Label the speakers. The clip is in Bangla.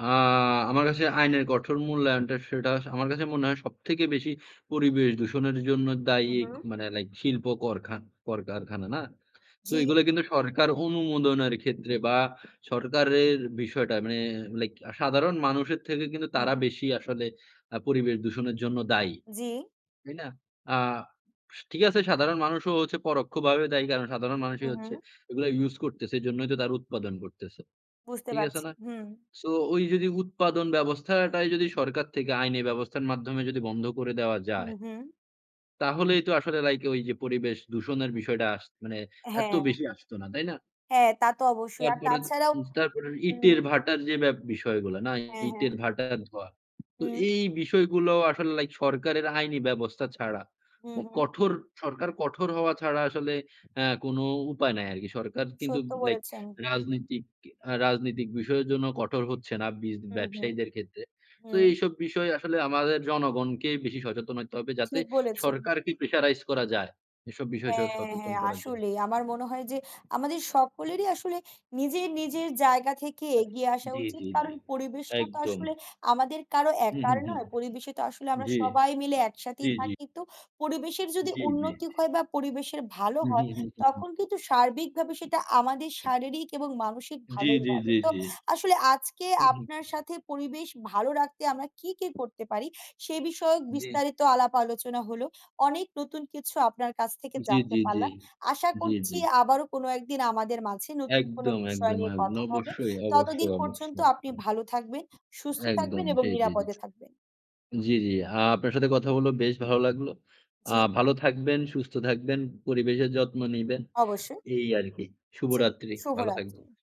Speaker 1: আ আমার কাছে আইনের কঠোর মূল্যায়নটা, সেটা স আমার কাছে মনে হয় সবথেকে বেশি পরিবেশ দূষণের জন্য
Speaker 2: হুম,
Speaker 1: দায়ী।
Speaker 2: হু।
Speaker 1: মানে লাইক শিল্প করখা কলকারখানা, না? সো
Speaker 2: জি।
Speaker 1: এগুলো কিন্তু সরকার অনুমোদনের ক্ষেত্রে বা, সরকারের বিষয়টা মানে লাইক সাধারণ মানুষের থেকে কিন্তু
Speaker 2: হু,
Speaker 1: তারা
Speaker 2: হু।
Speaker 1: বেশি আসলে আ পরিবেশ দূষণের জন্য দায়ী।
Speaker 2: জি।
Speaker 1: তাই না? আস ঠিক আছে, সাধারণ মানুষও হচ্ছে পরোক্ষভাবে দায়ী। কারণ, সাধারণ
Speaker 2: হু,
Speaker 1: মানুষই হচ্ছে
Speaker 2: হু।
Speaker 1: এগুলো ইউজ করতেছে। এজন্যই তো তারা উৎপাদন করতেছে।
Speaker 2: বুঝতে
Speaker 1: ঠিক আছে
Speaker 2: পারছি।
Speaker 1: না?
Speaker 2: হুম।
Speaker 1: সোওই যদি উৎপাদন ব্যবস্থাটাই যদি সরকার থেকে আইনি ব্যবস্থার মাধ্যমে যদি বন্ধ করে দেওয়া
Speaker 2: হু,
Speaker 1: যায়।
Speaker 2: হু।
Speaker 1: তাহলেই তো আসলে লাইক ওইযে পরিবেশ দূষণের বিষয়টা মানে আস এত
Speaker 2: হ্যাঁ।
Speaker 1: বেশি আসতো না। তাই না?
Speaker 2: হ্যাঁ, তা তো অবশ্যই। আর
Speaker 1: তারপরে দ
Speaker 2: তাছাড়াও
Speaker 1: তারপরে
Speaker 2: হুম।
Speaker 1: ইটের ভাটার যে ব্যব বিষয়গুলা না
Speaker 2: হ্যাঁ, হ্যাঁ।
Speaker 1: ইটের ভাটার ধোয়া। তো
Speaker 2: হু।
Speaker 1: এই বিষয়গুলো আসলে লাইক সরকারের আইনি ব্যবস্থা ছাড়া
Speaker 2: হু,
Speaker 1: উ
Speaker 2: হু।
Speaker 1: কঠোর সরকার কঠোর হওয়া ছাড়া আসলে অ্যা কোন উপায় নাই আরকি। সরকার কিন্তু
Speaker 2: সত্য
Speaker 1: লাইক
Speaker 2: বলেছেন।
Speaker 1: রাজনীতিক রাজনৈতিক বিষয়ের জন্য কঠোর হচ্ছে না বিজ
Speaker 2: হু, হু,
Speaker 1: ব্যবসায়ীদের ক্ষেত্রে। তো
Speaker 2: হুম।
Speaker 1: এইসব বিষয় আসলে আমাদের জনগণকে বেশি সচেতন হইতে হবে। যাতে
Speaker 2: ঠিক বলেছেন।
Speaker 1: সরকারকে প্রেশারাইজ করা যায়। এসব বিষয় স
Speaker 2: হ্যাঁ,
Speaker 1: সচেতন
Speaker 2: হ্যাঁ।
Speaker 1: করার জন্য।
Speaker 2: আসলেই। আমার মনে হয় যে আমাদের সকলেরই আসলে নিজের, নিজের জায়গা থেকে এগিয়ে আসা
Speaker 1: জি,
Speaker 2: উচিত।
Speaker 1: জি, জি।
Speaker 2: কারণ পরিবেশটা তো
Speaker 1: একদম।
Speaker 2: আসলে আমাদের কারো
Speaker 1: হু, হু,
Speaker 2: একার
Speaker 1: হু।
Speaker 2: নয়। পরিবেশে তো আসলে আমরা
Speaker 1: জি,
Speaker 2: সবাই মিলে
Speaker 1: জি,
Speaker 2: একসাথেই
Speaker 1: জি।
Speaker 2: থাকি। তো পরিবেশের যদি
Speaker 1: জি, জি,
Speaker 2: উন্নতি
Speaker 1: জি।
Speaker 2: হয় বা, পরিবেশের ভালো
Speaker 1: হুম, হু,
Speaker 2: হয়,
Speaker 1: হুম, হু, হুম।
Speaker 2: তখন কিন্তু সার্বিকভাবে সেটা আমাদের শারীরিক এবং মানসিক
Speaker 1: জি,
Speaker 2: ভালোই
Speaker 1: জি,
Speaker 2: হবে।
Speaker 1: জি,
Speaker 2: তো
Speaker 1: জি।
Speaker 2: আসলে আজকে
Speaker 1: হুম, হু।
Speaker 2: আপনার সাথে পরিবেশ ভালো রাখতে আমরা কি, কি করতে পারি? সে বিষয়ক
Speaker 1: জি।
Speaker 2: বিস্তারিত আলাপ আলোচনা হলো। অনেক নতুন কিছু আপনার কাছ থেকে
Speaker 1: জি,
Speaker 2: জানতে
Speaker 1: জি, জি,
Speaker 2: পারলাম। আশা
Speaker 1: জি, জি।
Speaker 2: করছি আবারো কোনো একদিন আমাদের মাঝে নতুন কোনো
Speaker 1: একদম,
Speaker 2: বিষয়
Speaker 1: একদম,
Speaker 2: নিয়ে
Speaker 1: এক না,
Speaker 2: কথা হবে।
Speaker 1: অবশ্যই, অবশ্যই,
Speaker 2: ততদিন পর্যন্ত
Speaker 1: অবশ্যই।
Speaker 2: আপনি ভালো থাকবেন, সুস্থ
Speaker 1: একদম।
Speaker 2: থাকবেন এবং
Speaker 1: জি, জি,
Speaker 2: নিরাপদে থাকবেন।
Speaker 1: জি। আ আপনার সাথে কথা হলো বেশ ভালো লাগলো। আ
Speaker 2: জি।
Speaker 1: ভালো থাকবেন, সুস্থ থাকবেন, পরিবেশের যত্ন নিবেন।
Speaker 2: অবশ্যই।
Speaker 1: এই আরকি।
Speaker 2: জি,
Speaker 1: শুভরাত্রি। ভালো
Speaker 2: শুভরাত্রি।
Speaker 1: থাকবেন।